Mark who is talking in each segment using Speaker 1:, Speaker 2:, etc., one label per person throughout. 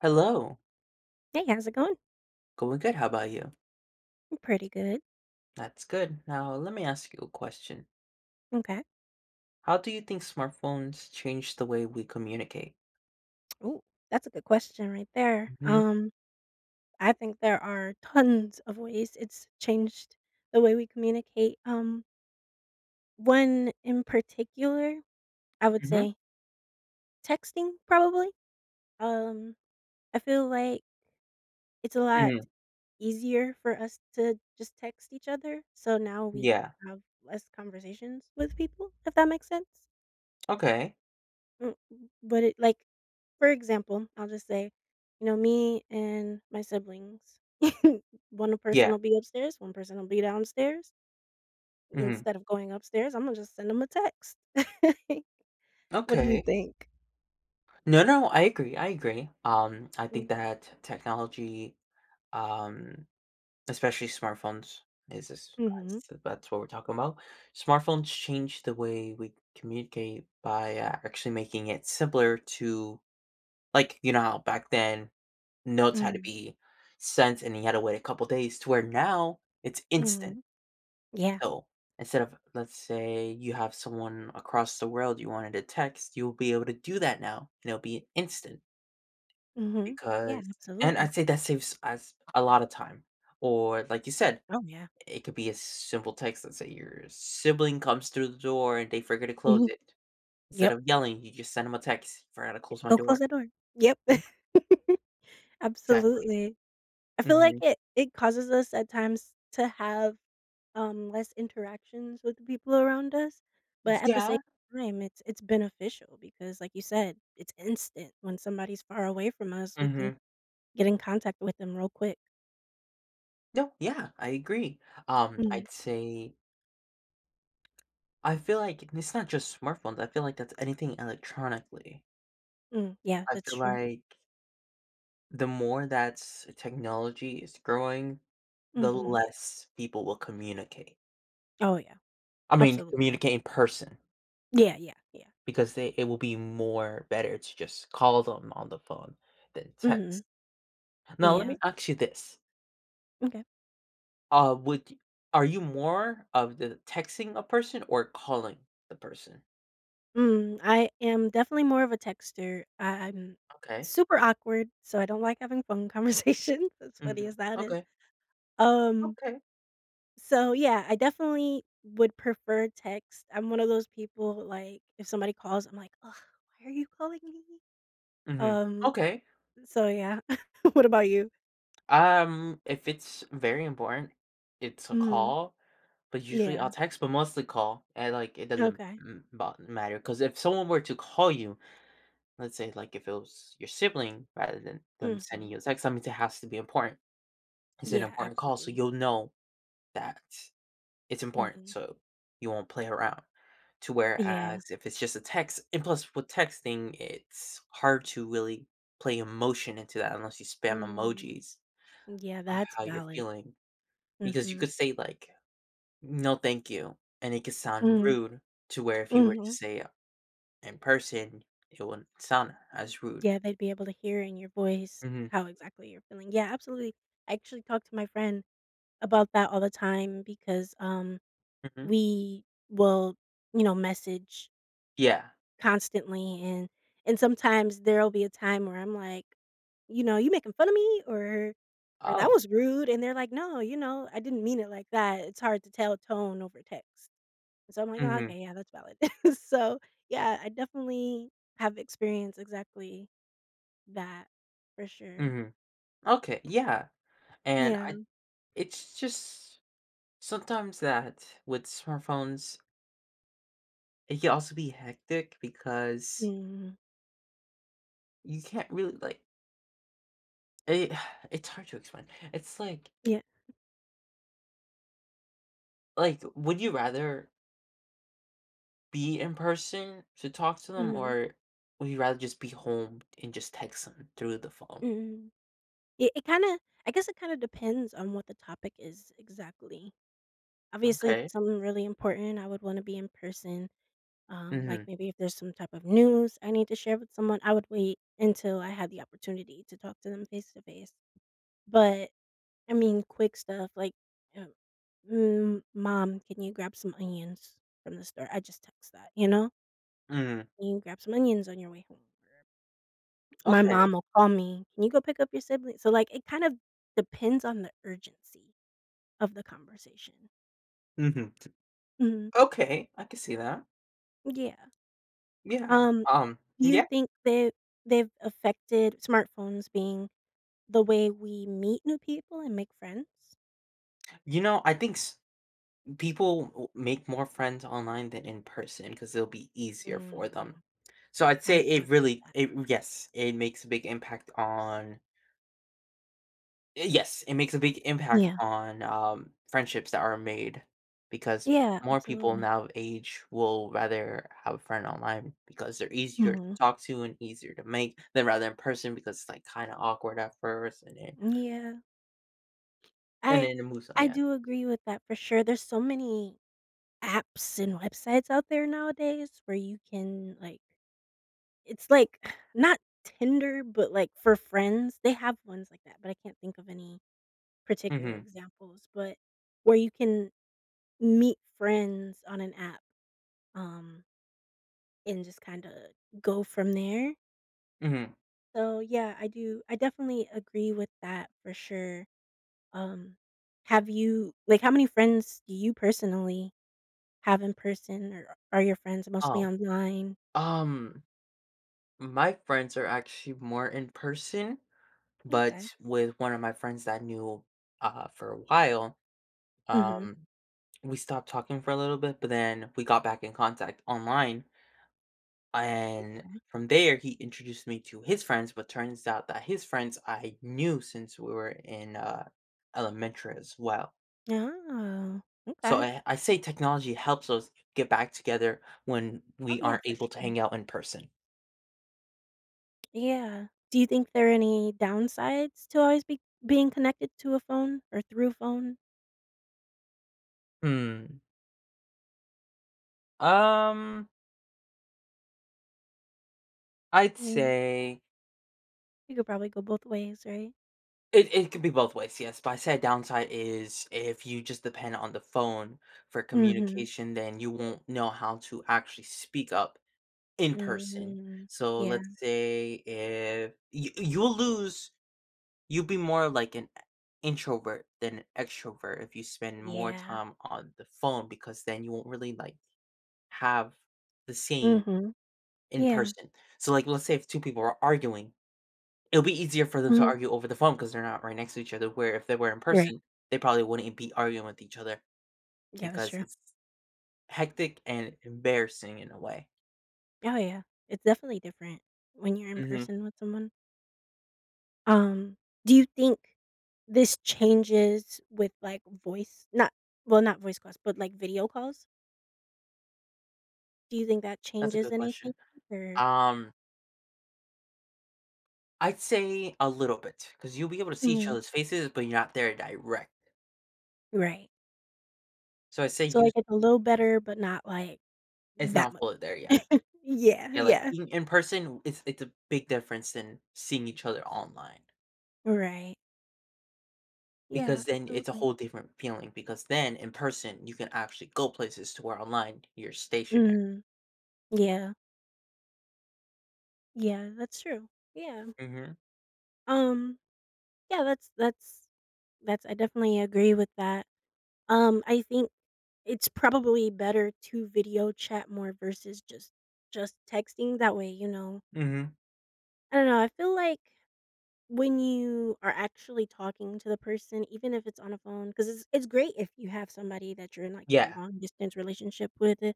Speaker 1: Hello.
Speaker 2: Hey, how's it going?
Speaker 1: Going good, how 'bout you?
Speaker 2: M pretty good.
Speaker 1: That's good, now let me ask you a question.
Speaker 2: Okay.
Speaker 1: How do you think smartphones change the way we communicate?
Speaker 2: Ooh, that's a good question right there,
Speaker 1: Mhm.
Speaker 2: um, I think there are tons of ways it's changed the way we communicate. Um one in particular, I would
Speaker 1: Mhm.
Speaker 2: say texting probably? Um, I feel like it's a lot
Speaker 1: Mhm.
Speaker 2: easier for us to just text each other, so now we
Speaker 1: Yeah.
Speaker 2: have less conversations with people, if that makes sense.
Speaker 1: Okay.
Speaker 2: Mm, but it, like for example, I'll just say, you know, me and my siblings, one person
Speaker 1: Yeah.
Speaker 2: will be upstairs, one person will be downstairs
Speaker 1: Mhm.
Speaker 2: ...instead of going upstairs, Imma just send 'em a text. What do you
Speaker 1: Okay.
Speaker 2: think?
Speaker 1: No, no, I agree, I agree. Um, I think
Speaker 2: Mm.
Speaker 1: that technology, um, especially smartphones is a s, [unintelligible]
Speaker 2: Mhm.
Speaker 1: s bu that's what we're talking ‘bout. Smartphones change the way we communicate by a actually making it simpler to, like, you know how back then notes had to
Speaker 2: Mhm.
Speaker 1: be sent and you had to wait a couple days to where now it's instant.
Speaker 2: Mhm. Yeah.
Speaker 1: So, instead of, let's say you have someone across the world you wanted to text, you'll be able to do that now and it'll be instant.
Speaker 2: Mhm. Yeah,
Speaker 1: Because and
Speaker 2: absolutely.
Speaker 1: I'd say that saves us a lotta time, or, like you said,
Speaker 2: Oh, yeah.
Speaker 1: it could be a simple text, let's say your sibling comes through the door and they forget to close
Speaker 2: Mhm.
Speaker 1: it, instead
Speaker 2: Yep.
Speaker 1: of yelling, you just send 'em a text, "Forgot to
Speaker 2: Ye
Speaker 1: close my
Speaker 2: "Go close
Speaker 1: door."
Speaker 2: that door." Yep.
Speaker 1: Yeah. Exactly.
Speaker 2: Absolutely. I feel like
Speaker 1: Mhm.
Speaker 2: it it causes us at times to have, um, less interactions with the people around us.
Speaker 1: [unintelligible]
Speaker 2: But at the same
Speaker 1: Yeah.
Speaker 2: time, it's it's beneficial because, like you said, it's instant. When somebody's far away from us, we can
Speaker 1: Mhm.
Speaker 2: get in contact with them real quick.
Speaker 1: No, yeah, I agree. Um,
Speaker 2: Mm.
Speaker 1: I'd say I feel like and it's not just smartphones, I feel like that's anything electronically.
Speaker 2: Mm, yeah,
Speaker 1: I
Speaker 2: that's
Speaker 1: feel
Speaker 2: true.
Speaker 1: like the more thats technology is growing, the
Speaker 2: Mhm.
Speaker 1: less people will communicate.
Speaker 2: Oh, yeah.
Speaker 1: I mean,
Speaker 2: Absolutely.
Speaker 1: communicate in person
Speaker 2: Yeah. Yeah. Yeah.
Speaker 1: because they it will be more better to just call them on the phone than
Speaker 2: Mhm.
Speaker 1: text. Now, let
Speaker 2: Yeah.
Speaker 1: me ask you this.
Speaker 2: M'kay.
Speaker 1: Uh, would y are you more of the texting a person or calling the person?
Speaker 2: Mm, I am definitely more of a texter. I I'm
Speaker 1: Okay.
Speaker 2: super awkward, so I don't like having phone conversations, as funny
Speaker 1: Mhm.
Speaker 2: as that is.
Speaker 1: Okay.
Speaker 2: Um
Speaker 1: Okay.
Speaker 2: So, yeah, I definitely would prefer text. I'm one of those people, like, if somebody calls, I'm like, "Ugh, why are you calling me?"
Speaker 1: Mhm,
Speaker 2: Um,
Speaker 1: okay.
Speaker 2: uh, so, yeah, what about you?
Speaker 1: Um, if it's very important, it's a
Speaker 2: Mhm.
Speaker 1: call, but usually, I'll
Speaker 2: Yeah.
Speaker 1: text, but mostly call, and, like, it doesn't
Speaker 2: Okay.
Speaker 1: m bo matter, 'cause if someone were to call you, let's say, like, if it was your sibling, rather than them sending
Speaker 2: Mhm.
Speaker 1: you a text, that means it has to be important. It's an
Speaker 2: Yeah,
Speaker 1: important call so
Speaker 2: absolutely.
Speaker 1: you'll know that it's important,
Speaker 2: Mhm.
Speaker 1: so you won't play around. To
Speaker 2: Yeah.
Speaker 1: whereas if it's just a text and plus, with texting, it's hard to really play emotion into that unless you spam
Speaker 2: Mm,
Speaker 1: emojis
Speaker 2: yeah, that's
Speaker 1: how you're
Speaker 2: valid,
Speaker 1: feeling because you
Speaker 2: mhm.
Speaker 1: could say, like, "No, thank you," and it could sound
Speaker 2: Mhm.
Speaker 1: rude, to where if you were to
Speaker 2: Mhm.
Speaker 1: say a in person, it wouldn't sound as rude.
Speaker 2: Yeah, they'd be able to hear in your voice
Speaker 1: Mhm.
Speaker 2: how exactly you're feeling. Yeah, absolutely, I actually talk to my friend about that all the time because, um,
Speaker 1: Mhm.
Speaker 2: we will, you know, message
Speaker 1: Yeah.
Speaker 2: constantly, and and sometimes there'll be a time where I'm like, you know, "You making fun of me?" or or, "That
Speaker 1: Oh.
Speaker 2: was rude," and they're like, "No," you know, "I didn't mean it like that." It's hard to tell tone over text. So I'm like, "Ah,
Speaker 1: Mhm.
Speaker 2: okay, yeah, that's valid." So, yeah, I definitely have experienced exactly that, for sure.
Speaker 1: Mhm. Okay, yeah, and I
Speaker 2: Yeah.
Speaker 1: it's just sometimes that with smartphones It can also be hectic because
Speaker 2: Mm.
Speaker 1: you can't really, like it it's hard to explain, it's like
Speaker 2: Yeah.
Speaker 1: Like, would you rather be in person to talk to them,
Speaker 2: Mhm.
Speaker 1: or would you rather just be home and just text 'em through the phone?
Speaker 2: Mhm. It it kinda I guess it kinda depends on what the topic is exactly. Obviously, if
Speaker 1: Okay.
Speaker 2: it's something really important, I would wanna be in person. Um, like,
Speaker 1: Mhm.
Speaker 2: maybe if there's some type of news I need to share with someone, I would wait until I had the opportunity to talk to them face to face. But, I mean, quick stuff, like, eh, "Mm, mom, can you grab some onions from the store?" I just text that, you know?
Speaker 1: Mm.
Speaker 2: "Can you grab some onions on your way home?" My
Speaker 1: Okay.
Speaker 2: mom will call me, "Can you go pick up your sibling?" So, like, it kind of depends on the urgency of the conversation.
Speaker 1: Mhm. T
Speaker 2: Mhm.
Speaker 1: Okay, I can see that.
Speaker 2: Yeah.
Speaker 1: Yeah,
Speaker 2: Um,
Speaker 1: um,
Speaker 2: you
Speaker 1: yeah
Speaker 2: think that they've affected smartphones being the way we meet new people and make friends?
Speaker 1: You know, I think s people w make more friends online than in person 'cause it'll be easier for them.
Speaker 2: Mhm,
Speaker 1: So I'd
Speaker 2: I
Speaker 1: say it
Speaker 2: would do
Speaker 1: really,
Speaker 2: that.
Speaker 1: it yes, it makes a big impact on eh, yes, it makes a big impact
Speaker 2: Yeah.
Speaker 1: on, um, friendships that are made because
Speaker 2: Yeah,
Speaker 1: more people
Speaker 2: absolutely.
Speaker 1: now age will rather have a friend online because they're easier to
Speaker 2: Mhm.
Speaker 1: talk to and easier to make, than rather in person because it's, like, kinda awkward at first, and then
Speaker 2: Mm, yeah.
Speaker 1: and
Speaker 2: I
Speaker 1: then it moves on,
Speaker 2: I
Speaker 1: yeah.
Speaker 2: do agree with that for sure. There's so many apps and websites out there nowadays where you can, like it's, like, not Tinder, but, like, for friends. They have ones like that- but I can't think of any particular
Speaker 1: Mhm.
Speaker 2: examples- but where you can meet friends on an app, um and just kinda go from there.
Speaker 1: Mhm.
Speaker 2: So, yeah, I do I definitely agree with that for sure. Um. Have you like, how many friends do you personally have in person, or are your friends mostly
Speaker 1: Oh,
Speaker 2: online?
Speaker 1: um, my friends are actually more in person, but
Speaker 2: Okay.
Speaker 1: with one of my friends that I knew, uh, for a while,
Speaker 2: Mhm.
Speaker 1: um, we stopped talking for a little bit, but then we got back in contact online and
Speaker 2: Okay.
Speaker 1: from there, he introduced me to his friends, but turns out that his friends I knew since we were in, uh, elementary as well.
Speaker 2: Oh,
Speaker 1: So,
Speaker 2: okay.
Speaker 1: eh, I say technology helps us get back together when
Speaker 2: Oh,
Speaker 1: we
Speaker 2: yeah,
Speaker 1: aren't
Speaker 2: for
Speaker 1: able to
Speaker 2: sure.
Speaker 1: hang out in person.
Speaker 2: Yeah. Do you think there are any downsides to always be being connected to a phone or through a phone?
Speaker 1: Hmm. Um I'd
Speaker 2: Yeah.
Speaker 1: say
Speaker 2: You could probably go both ways, right?
Speaker 1: It it can be both ways, yes, but I'd say a downside is if you just depend on the phone for
Speaker 2: Mhm.
Speaker 1: communication, then you won't know how to actually speak up in person.
Speaker 2: Mhm.
Speaker 1: So,
Speaker 2: Yeah.
Speaker 1: let's say if you you'll lose you'll be more like an e introvert than extrovert if you spend more
Speaker 2: Yeah.
Speaker 1: time on the phone because then you won't really, like, have the same
Speaker 2: Mhm,
Speaker 1: in
Speaker 2: yeah.
Speaker 1: person. So, like, let's say if 2 people are arguing, it'll be easier for them to
Speaker 2: Mhm.
Speaker 1: argue over the phone 'cause they're not right next to each other, where if they were in
Speaker 2: Right.
Speaker 1: person they probably wouldn't be arguing with each other
Speaker 2: Yeah, that's
Speaker 1: because
Speaker 2: true.
Speaker 1: it's hectic and embarrassing in a way.
Speaker 2: Oh yeah. It's definitely different when you're in
Speaker 1: Mhm.
Speaker 2: person with someone. Um, do you think this changes with, like, voice not well, not voice calls, but, like, video calls? Do you think that
Speaker 1: That's a
Speaker 2: changes
Speaker 1: good
Speaker 2: anything,
Speaker 1: question.
Speaker 2: or
Speaker 1: Um I'd say a little bit, 'cause you'll be able to see each
Speaker 2: Mhm.
Speaker 1: other's faces, but you're not there direct.
Speaker 2: Right.
Speaker 1: So I say
Speaker 2: So,
Speaker 1: use
Speaker 2: like, it's a little
Speaker 1: Mm.
Speaker 2: better, but not, like,
Speaker 1: It's
Speaker 2: that
Speaker 1: not
Speaker 2: much
Speaker 1: fully there
Speaker 2: different.
Speaker 1: yet.
Speaker 2: Yeah,
Speaker 1: Yeah, like,
Speaker 2: yeah.
Speaker 1: being in person, w it's it's a big difference than seeing each other online.
Speaker 2: Right. Yeah,
Speaker 1: Because then it's a
Speaker 2: absolutely.
Speaker 1: whole different feeling, because then, in person, you can actually go places, to where online, you're stationary.
Speaker 2: Mhm. Yeah. Yeah, that's true, yeah.
Speaker 1: Mhm.
Speaker 2: Um, yeah, that's that's that's I definitely agree with that. Um, I think it's probably better to video chat more versus just just texting, that way, you know
Speaker 1: Mhm.
Speaker 2: I don't know, I feel like, when you are actually talking to the person, even if it's on a phone, 'cause it's it's great if you have somebody that you're in, like, a
Speaker 1: Yeah.
Speaker 2: long-distance relationship with, uh,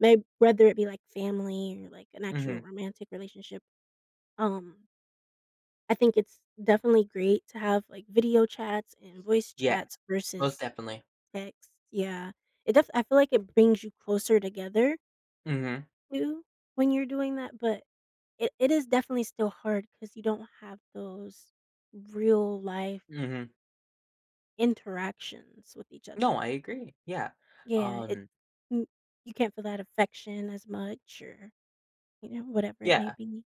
Speaker 2: may whether it be, like, family or, like, an actual
Speaker 1: Mhm.
Speaker 2: romantic relationship, um I think it's definitely great to have, like, video chats and voice
Speaker 1: Yeah,
Speaker 2: chats
Speaker 1: most
Speaker 2: versus
Speaker 1: definitely.
Speaker 2: text, yeah. It def I feel like it brings you closer together
Speaker 1: Mhm.
Speaker 2: too, when you're doing that, but, it it is definitely still hard 'cause you don't have those real-life
Speaker 1: Mhm.
Speaker 2: interactions with each
Speaker 1: No,
Speaker 2: other.
Speaker 1: I agree, yeah.
Speaker 2: Yeah, it
Speaker 1: Um
Speaker 2: mm you can't feel that affection as much or you know, whatever it may
Speaker 1: Yeah.
Speaker 2: be.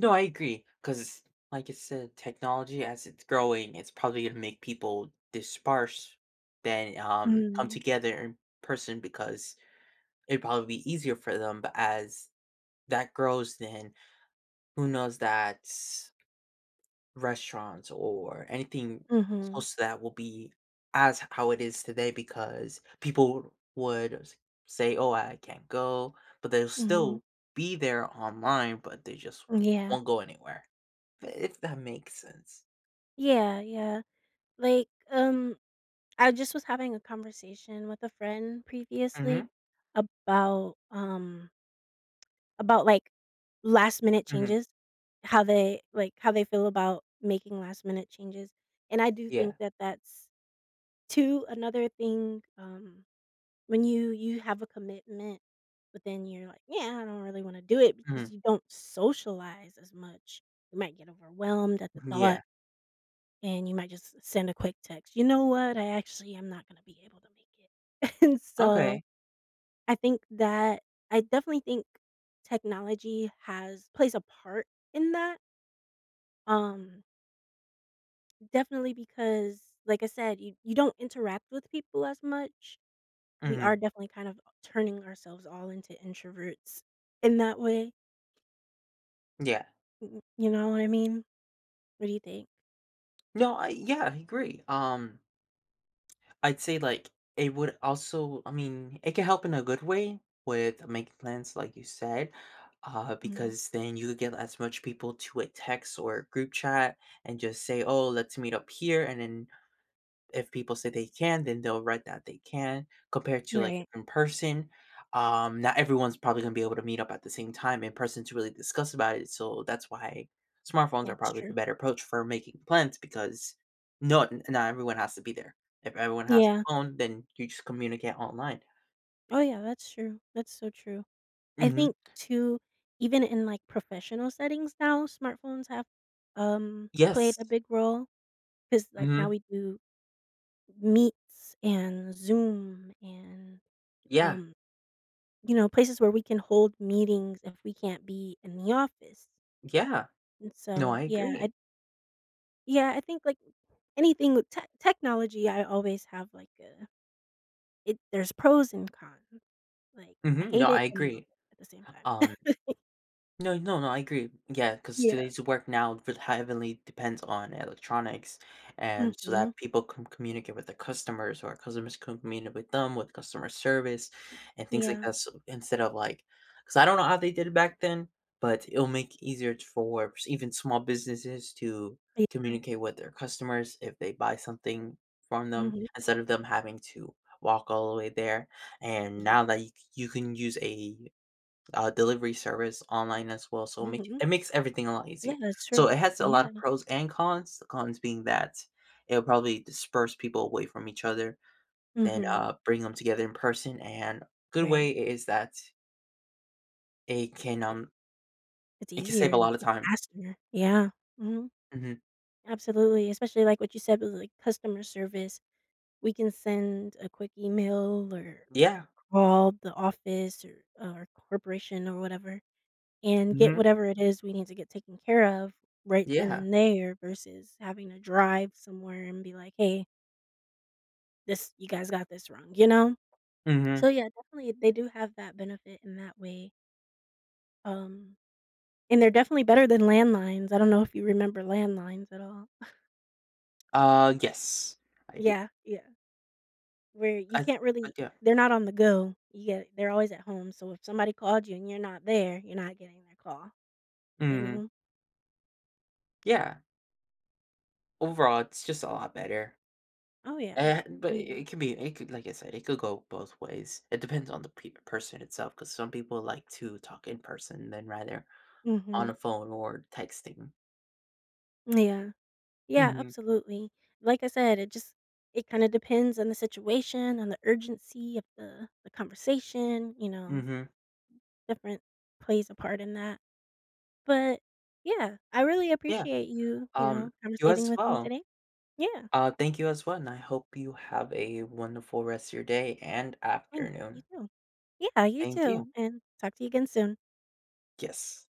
Speaker 1: No, I agree. 'Cause, like you said, technology, as it's growing, it's probably gonna make people disperse than, um, come
Speaker 2: Mhm.
Speaker 1: together in person because it'd probably be easier for them. But as that grows, then who knows that restaurants or anything
Speaker 2: Mhm.
Speaker 1: close to that will be as how it is today because people would s say, "Oh, I I can't go," but they'll
Speaker 2: Mhm.
Speaker 1: still be there online, but they just
Speaker 2: Mm, yeah.
Speaker 1: won't go anywhere, if that makes sense.
Speaker 2: Yeah, yeah. Like, um, I just was having a conversation with a friend previously
Speaker 1: Mhm.
Speaker 2: about, um about, like, last minute
Speaker 1: Mhm.
Speaker 2: changes, how they, like, how they feel about making last minute changes, and I do
Speaker 1: Yeah.
Speaker 2: think that that's, too, another thing, um, when you you have a commitment, but then you're like, "Yeah, I don't really wanna do it because
Speaker 1: Mhm.
Speaker 2: you don't socialize as much," you might get overwhelmed at the
Speaker 1: Mhm,
Speaker 2: thought
Speaker 1: yeah.
Speaker 2: and you might just s send a quick text, "You know what? I actually am not gonna be able to make it." And so,
Speaker 1: Okay.
Speaker 2: I think that I definitely think technology has plays a part in that? Um definitely because like I said, you you don't interact with people as much. We are
Speaker 1: Mhm.
Speaker 2: definitely kind of turning ourselves all into introverts in that way.
Speaker 1: Yeah.
Speaker 2: Mm-mm, you know what I mean? What do you think?
Speaker 1: No, I yeah, I agree. Um I'd say, like, it would also I mean, it can help in a good way with making plans, like you said, uh,
Speaker 2: Mhm.
Speaker 1: because then you get as much people to a text or group chat and just say, "Oh, let's meet up here," and then if people say they can, then they'll write that they can compared to, like,
Speaker 2: Right.
Speaker 1: in person. Um, not everyone's probably gonna be able to meet up at the same time in person to really discuss about it, so that's why smartphones
Speaker 2: Yeah,
Speaker 1: are
Speaker 2: it's
Speaker 1: probably the
Speaker 2: true.
Speaker 1: better approach for making plans because not not everyone has to be there. If everyone has a
Speaker 2: Yeah.
Speaker 1: phone, then you just communicate online.
Speaker 2: Oh, yeah, that's true. That's so true. I
Speaker 1: Mhm.
Speaker 2: think, too, even in, like, professional settings now, smartphones have, um, played
Speaker 1: Yes.
Speaker 2: a big role 'cause, like, now
Speaker 1: Mhm.
Speaker 2: we do Meets and Zoom and,
Speaker 1: Yeah.
Speaker 2: um, you know, places where we can hold meetings if we can't be in the office.
Speaker 1: Yeah.
Speaker 2: And,
Speaker 1: No,
Speaker 2: so,
Speaker 1: I
Speaker 2: yeah
Speaker 1: agree.
Speaker 2: I'd Yeah, I think, like, anything with tech technology, I always have, like, a it there's pros and cons. Like, I
Speaker 1: Mhm. No,
Speaker 2: hate
Speaker 1: I
Speaker 2: it and I love
Speaker 1: agree.
Speaker 2: it at the same time.
Speaker 1: Um no no no, I agree. Yeah, 'cause
Speaker 2: Yeah.
Speaker 1: today's work now will heavily depends on electronics and so that
Speaker 2: Mhm.
Speaker 1: people can communicate with their customers or customers communicate with them with customer service and things like
Speaker 2: Yeah.
Speaker 1: that, so instead of, like 'cause I don't know how they did it back then, but it'll make easier t Forbes even small businesses to
Speaker 2: [unintelligible]
Speaker 1: communicate with their customers if they buy something from them
Speaker 2: Mhm.
Speaker 1: instead of them having to walk all the way there. And
Speaker 2: Yeah.
Speaker 1: now that you c you can use a, uh, delivery service online as well, so make
Speaker 2: Mhm.
Speaker 1: it it makes everything a lot
Speaker 2: Yeah,
Speaker 1: easier.
Speaker 2: that's true.
Speaker 1: So it has a lot of
Speaker 2: Yeah.
Speaker 1: pros and cons, the cons being that it'll probably disperse people away from each other, then,
Speaker 2: Mhm.
Speaker 1: uh, bring 'em together in person, and good
Speaker 2: Right.
Speaker 1: way is is that it can,
Speaker 2: It
Speaker 1: um
Speaker 2: It's
Speaker 1: it can save
Speaker 2: easier
Speaker 1: a
Speaker 2: and
Speaker 1: lot of
Speaker 2: it's
Speaker 1: time.
Speaker 2: faster. Yeah. Mhm.
Speaker 1: Mhm.
Speaker 2: Absolutely, especially, like, what you said with, like, customer service. We can send a quick email or or
Speaker 1: Yeah.
Speaker 2: call the office, er, or corporation or whatever and get
Speaker 1: Mhm.
Speaker 2: whatever it is we need to get taken care of right then
Speaker 1: Yeah.
Speaker 2: and there versus having to drive somewhere and be like, "Hey." This You guys got this wrong, you know? So,
Speaker 1: Mhm.
Speaker 2: yeah, definitely, they do have that benefit in that way um, and they're definitely better than landlines, I don't know if you remember landlines at all.
Speaker 1: Uh, yes, I di
Speaker 2: Yeah, yeah, where you can't really
Speaker 1: [unintelligible]
Speaker 2: They're not on the go. Yeah, they're always at home, so if somebody called you and you're not there, you're not getting their call, you
Speaker 1: Mhm.
Speaker 2: know?
Speaker 1: Yeah. Overall, it's just a lot better,
Speaker 2: Oh yeah.
Speaker 1: and but
Speaker 2: Oh,
Speaker 1: i
Speaker 2: yeah.
Speaker 1: it could be it could like I said, it could go both ways, it depends on the peop person itself, 'cause some people like to talk in person than rather on
Speaker 2: Mhm.
Speaker 1: a phone or texting.
Speaker 2: Mm, yeah. Yeah
Speaker 1: Mhm.
Speaker 2: absolutely. Like I said, it just it kinda depends on the situation and the urgency of the the conversation, you know,
Speaker 1: Mhm.
Speaker 2: different plays a part in that. But, yeah, I really
Speaker 1: Yeah,
Speaker 2: appreciate you, you
Speaker 1: um,
Speaker 2: know,
Speaker 1: you
Speaker 2: conversating
Speaker 1: as
Speaker 2: with me
Speaker 1: well.
Speaker 2: today. Yeah.
Speaker 1: Uh, thank you as well, I hope you have a wonderful rest of your day and
Speaker 2: Thanks, you
Speaker 1: afternoon.
Speaker 2: too. Yeah, you
Speaker 1: Thank you.
Speaker 2: too, and talk to you again soon.
Speaker 1: Yes.